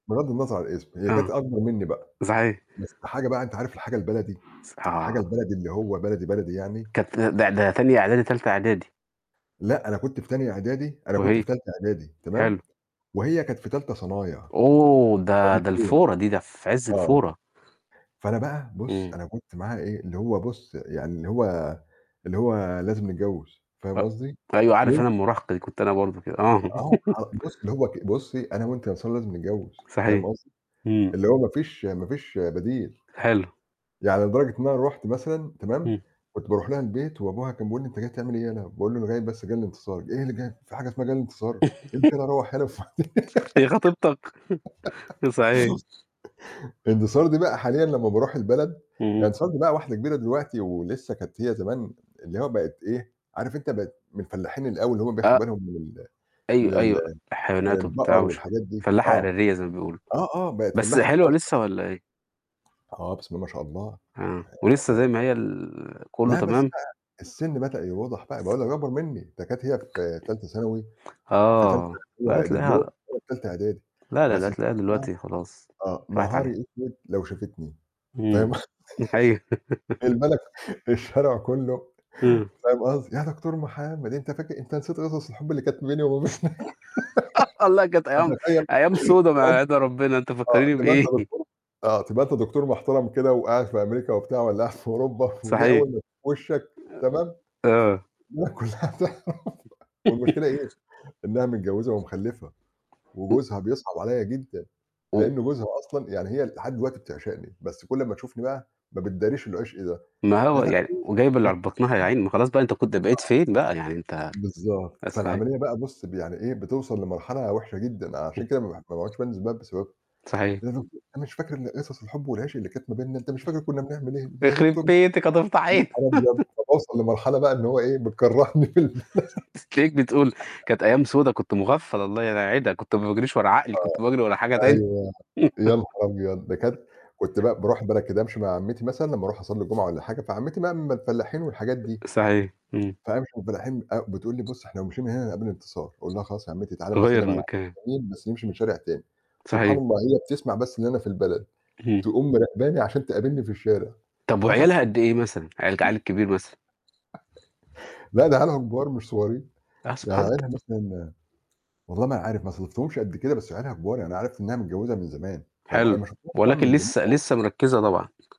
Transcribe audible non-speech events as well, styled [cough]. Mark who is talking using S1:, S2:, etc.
S1: بغض النظر عن الاسم، هي كانت
S2: آه،
S1: أكبر مني بقى.
S2: صحيح.
S1: بس حاجة بقى أنت عارف الحاجة البلدي،
S2: ص
S1: [tsk] الحاجة
S2: آه.
S1: البلدي اللي هو بلدي، بلدي يعني؟
S2: كانت ت ده تانية إعدادي، تالتة إعدادي.
S1: لأ، أنا كنت في تانية إعدادي أنا كنت في
S2: وهي؟
S1: تالتة إعدادي،
S2: حلو.
S1: تمام؟ وهي كانت في تالتة صنايع.
S2: أوه! ده،
S1: ففرق
S2: ده
S1: سنين
S2: الفورة دي، ده في عز
S1: آه.
S2: الفورة.
S1: فأنا بقى بُص،
S2: امم.
S1: أنا كنت معاها إيه؟ اللي هو بُص، يعني اللي هو اللي هو لازم نتجوز، فاهم قصدي؟
S2: أ-أيوة عارف
S1: وال
S2: أنا المراهقة دي، كنت أنا برضو كده. آه.
S1: آه، ه بُص،
S2: [chuckles]
S1: اللي هو ك "بُصي أنا وأنتِ يا أنتصار لازم نتجوز."، فاهم
S2: صحيح.
S1: قصدي؟
S2: امم.
S1: اللي هو ما فيش ما فيش بديل.
S2: حلو.
S1: يعني لدرجة إن أنا رُحت مثلًا، تمام؟
S2: امم.
S1: كنت باروح لها البيت، وأبوها كان بيقول لي: "أنت جاي تعمل إيه هنا؟" باقول له: "أنا جاي بس، جاي لانتصار."، "إيه اللي جاي؟ فيه حاجة اسمها جاي لانتصار؟
S2: [chuckles]
S1: امشي يلا رَوّح يلا وف"
S2: [chuckles] هي خطيبتك؟! [chuckles] أ صحيح.
S1: [laughs] انتصار دي بقى حاليًا لمّا باروح البلد يعني
S2: اهم.
S1: انتصار دي بقى واحدة كبيرة دلوقتي، ولسه كانت هي زمان اللي هو بقِت إيه، عارف أنت بقِت من الفلاحين اللي أوي، اللي هُم بياخدوا
S2: آ
S1: بالهم من ال من
S2: أيوة،
S1: ال
S2: أيوة
S1: من
S2: الحيوانات وبتاع
S1: البقر
S2: وش
S1: والحاجات دي.
S2: فلاّحة
S1: آه.
S2: إعدادية زي ما بيقولوا.
S1: آه، آه بقِت
S2: بس
S1: فلّاحة
S2: حلوة
S1: خالص
S2: لسه والّا إيه؟
S1: بقى. آه. آه، بسم الله ما شاء الله. هي
S2: آه، ولسه زي
S1: بقِت
S2: ما هي ال كله
S1: لا بس
S2: تمام؟
S1: بقى السن بدأ يوضح بقى باقول لك دي أكبر مني. ده كانت هي في تالتة ثانوي، في تالتة
S2: آه،
S1: اللي هو
S2: لا
S1: آآ دبلوم،
S2: هتلاقيها
S1: وأنا في تالتة إعدادي.
S2: لا، لا، لا
S1: بس الفكرة
S2: هتلاقيها
S1: بقى
S2: دلوقتي خلاص،
S1: آه،
S2: راحت
S1: نهاري
S2: عليها.
S1: أسود لو شافتني،
S2: امم.
S1: فاهم
S2: امم،
S1: [chuckles] قصدي؟
S2: دي حقيقية. [laughs]
S1: البلد ك الشارع كله
S2: امم.
S1: فاهم قصدي؟ "يا دكتور محمد، أنت فاكر أنت نسيت قصص الحب اللي كانت ما بيني
S2: اس
S1: وما بينك."
S2: [laughs] والله كانت أيام
S1: فتخيّل
S2: أيام سودا
S1: تبقى
S2: ما
S1: أنت
S2: يعيدها ربنا، أنت
S1: [laughs] آه
S2: فكّريني
S1: تبقى أنت
S2: بإيه؟ [chuckles]
S1: دكتور آه تبقى أنت دكتور محترم كده، وقاعد في أمريكا وبتاع، والّا قاعد في أوروبا، ودي
S2: صحيح.
S1: أول ما تشوف وِشّك. تمام؟
S2: أ آه.
S1: الدنيا كلها تعرف [laughs] والمشكلة إيه؟
S2: [laughs]
S1: إنها متجوزة ومخلّفة،
S2: امم
S1: وجوزها بيصعب عليّ جدًا،
S2: امم.
S1: لأن جوزها أصلًا يعني هي لحد دلوقتي بتعشقني، بس كل أمّا تشوفني بقى ما بتداريش العشق ده.
S2: ما هو يعني
S1: [unintelligible]
S2: وجايبة اللي
S1: آه.
S2: ع في بطنها يا عيني، ما خلاص بقى أنت كنت بقيت فين بقى يعني؟ أنت
S1: بالضبط.
S2: بس فهي
S1: فالعملية بقى بُص ب يعني إيه؟ بتوصل لمرحلة وحشة جدًا.
S2: امم.
S1: عشان كده ما باح ما باعُدش بانزل البلد بسببها.
S2: صحيح.
S1: "يا دُكت أنت مش فاكر ال قصص الحب والعشق اللي كانت ما بينّا؟ أنت مش فاكر كُنّا بنعمل إيه؟ إيه يا
S2: يخرب
S1: دكتور مح"،
S2: بيتِك هتفضحينا.
S1: يانهار أبيض!
S2: [chuckles]
S1: فباوصل لمرحلة بقى إن هو إيه بتكرّهني في البلد.
S2: [chuckles] تلاقيك بتقول كانت أيام
S1: [giggles]
S2: سودا كنت مغفّل، الله لا يعيدها كنت ما باجريش ورا عقلي
S1: آه.
S2: كنت باجري ورا حاجة تانية.
S1: أيوه. يا نهار أبيض! ده كانت
S2: [chuckles]
S1: كنت بقى باروح البلد كده أمشي مع عمّتي مثلًا لمّا أروح أصلّي الجُمعة والّا حاجة. فعمّتي بقى من الفلّاحين والحاجات دي.
S2: صحيح. امم.
S1: فأمشي مع الفلاحين، أ بتقول لي: "بُص، إحنا لو مشينا من هنا، هنقابل انتصار."، أقول لها: "خلاص يا عمّتي، تعالي أمَا
S2: غيّر
S1: أسلّم على عم
S2: المكان.
S1: مين، بس نمشي من شارع تاني." سبحان
S2: صحيح.
S1: الله، هي بتسمع بس إن أنا في البلد،
S2: اهم.
S1: تقوم مراقباني عشان تقابلني في الشارع.
S2: طَب
S1: "يا دكتور."
S2: وعيالها قد إيه مثلًا؟ عيال ك العيّل
S1: [chuckles]
S2: الكبير مثلًا؟
S1: [chuckles] لا ده عيالها كبار مش صغيرين.
S2: آه،
S1: يعني
S2: سبحانك
S1: عيالها مثلًا والله ما أنا عارف ما صادفتهمش قبل كده، بس عيالها كبار. يعني أنا عرفت إنها متجوّزة من زمان، فاهم ق أنا
S2: حلو.
S1: ما شفتهاش طبعًا
S2: ولكن
S1: من زمان
S2: لسه، لسه
S1: أوي.
S2: مركِّزة طبعًا.